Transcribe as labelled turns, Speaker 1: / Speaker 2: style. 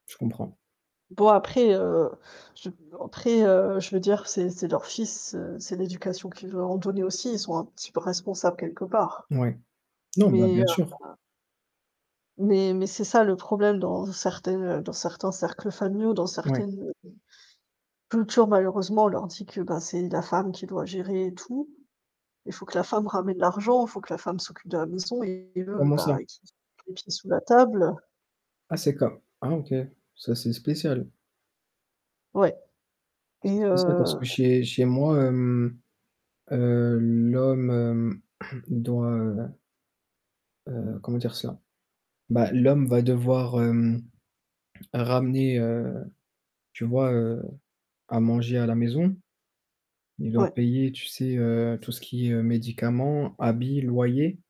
Speaker 1: Je comprends.
Speaker 2: Bon après, heu, je après, heu, je veux dire c'est c'est leur fils, heu, c'est l'éducation qu'ils leur ont donné aussi, ils sont un petit peu responsables quelque part.
Speaker 1: Ouais, non bah,
Speaker 2: Mais
Speaker 1: bien sûr.
Speaker 2: [unintelligible] mais mais c'est ça le problème dans certaines, heu dans certains cercles familiaux, dans
Speaker 1: Ouais.
Speaker 2: certaines, heu, cultures malheureusement on leur dit que ben, c'est la femme qui doit gérer tout. Il faut que la femme ramène l'argent, il faut que la femme s'occupe de la maison et l'homme
Speaker 1: Comment ça?
Speaker 2: bah, qu'il mette les pieds sous la table.
Speaker 1: Ah c'est comme ah OK. C'est assez spécial.
Speaker 2: Ouais.
Speaker 1: C'est
Speaker 2: Et
Speaker 1: spécial parce
Speaker 2: heu
Speaker 1: que chez chez moi, hem, heu, l'homme, hem, doit, heu heu, comment dire ça? Bah, l'homme va devoir hem, ramener, heu, tu vois, heu, à manger à la maison. Il doit
Speaker 2: Ouais.
Speaker 1: payer, tu sais, heu, tout ce qui est médicaments, habits, loyers.